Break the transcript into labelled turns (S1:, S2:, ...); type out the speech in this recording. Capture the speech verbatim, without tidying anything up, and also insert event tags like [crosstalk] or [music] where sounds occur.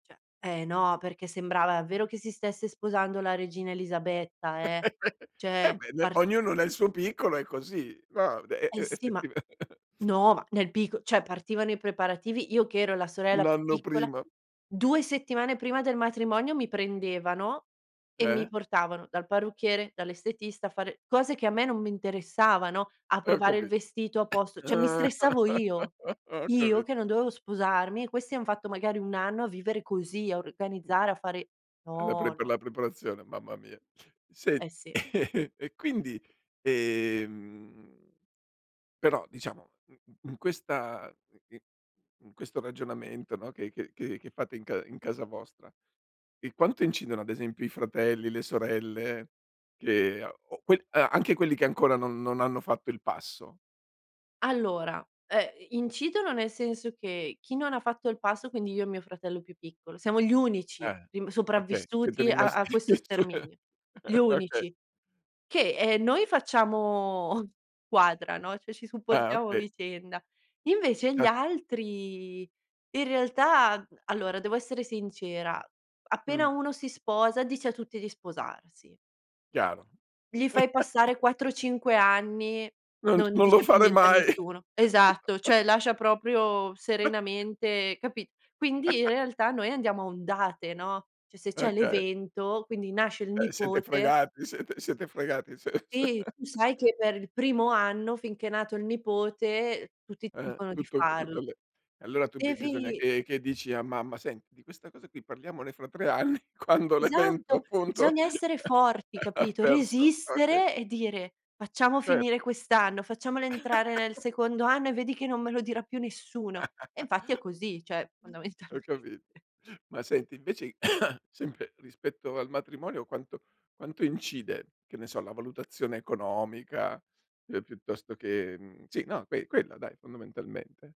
S1: ceh eh no, perché sembrava davvero che si stesse sposando la regina Elisabetta eh,
S2: [laughs] Eh
S1: cioè
S2: beh, ne
S1: part
S2: ognuno nel suo piccolo è così, no, de
S1: Eh
S2: e
S1: sì, ma
S2: effettiva
S1: no ma nel picco cioè partivano i preparativi, io che ero la sorella
S2: Un
S1: più
S2: anno
S1: piccola,
S2: prima.
S1: due settimane prima del matrimonio mi prendevano e mi
S2: Eh?
S1: portavano dal parrucchiere, dall'estetista, a fare cose che a me non mi interessavano, a
S2: Ho
S1: provare il
S2: capito.
S1: vestito a posto
S2: [coughs]
S1: cioè mi stressavo io.
S2: [laughs] Ho
S1: Io
S2: capito.
S1: che non dovevo sposarmi e questi han fatto magari un anno a vivere così, a
S2: Mh.
S1: organizzare, a fare
S2: La
S1: no,
S2: prep
S1: no.
S2: la preparazione, mamma mia. Sì,
S1: Eh sì.
S2: [laughs] e quindi, ehm però diciamo in questa i i in questo ragionamento, no, che che che fate in ca in casa vostra, ehm, quanto incidono ad esempio i fratelli, le sorelle che a o que a anche quelli che ancora non non hanno fatto il passo?
S1: Allora, ehm, i incidono nel senso che chi non fatto il passo, quindi io e mio fratello più piccolo, siamo gli unici
S2: Eh,
S1: rim
S2: okay, siete
S1: sopravvissuti a a
S2: rimasti
S1: questo
S2: [laughs] su
S1: sterminio. Gli
S2: okay.
S1: unici che, ehm, noi facciamo [chuckles] quadra, no, cioè ci
S2: Ah,
S1: supportiamo a
S2: okay.
S1: vicenda, invece gli
S2: Ah.
S1: altri in realtà, mhmm allora devo essere sincera, appena
S2: Mh.
S1: uno si sposa dice a tutti di sposarsi.
S2: Chiaro.
S1: Gli fai
S2: [laughs]
S1: passare quattro cinque anni,
S2: Non t
S1: non
S2: non lo
S1: dice più
S2: farei
S1: niente a
S2: mai.
S1: nessuno, esatto, cioè
S2: [laughs]
S1: lascia proprio
S2: [chuckles]
S1: serenamente capi quindi in
S2: [laughs]
S1: realtà noi andiamo a ondate, no, cioè se c'è
S2: Okay.
S1: l'evento quindi nasce il
S2: Eh siete
S1: nipote
S2: fregati, siete siete fregati se se
S1: e tu
S2: [laughs]
S1: sai che per il primo anno finché è nato il nipote tutti ti
S2: Eh.
S1: dicono di
S2: Tutto c tutte
S1: farlo.
S2: le allora tu bi bisogna
S1: Devi
S2: che che dici a mamma: "Senti di questa cosa qui parliamone fra tre anni quando l'evento
S1: Esatto,
S2: appunto
S1: bisogna essere
S2: [laughs]
S1: forti,
S2: ha
S1: capito,
S2: perso okay.
S1: resistere e dire: "Facciamo
S2: Cer
S1: finire quest'anno, facciamolo entrare nel
S2: [laughs]
S1: secondo anno e vedi che non me lo dirà più nessuno." E infatti è
S2: [laughs]
S1: così, cioè
S2: Ho
S1: fondamentalmente.
S2: capi Ma senti invece [coughs] sempre rispetto al matrimonio quanto quanto incide, che ne so, la valutazione economica, ehm, piuttosto che, mhmm, sì, no, que quella dai fondamentalmente?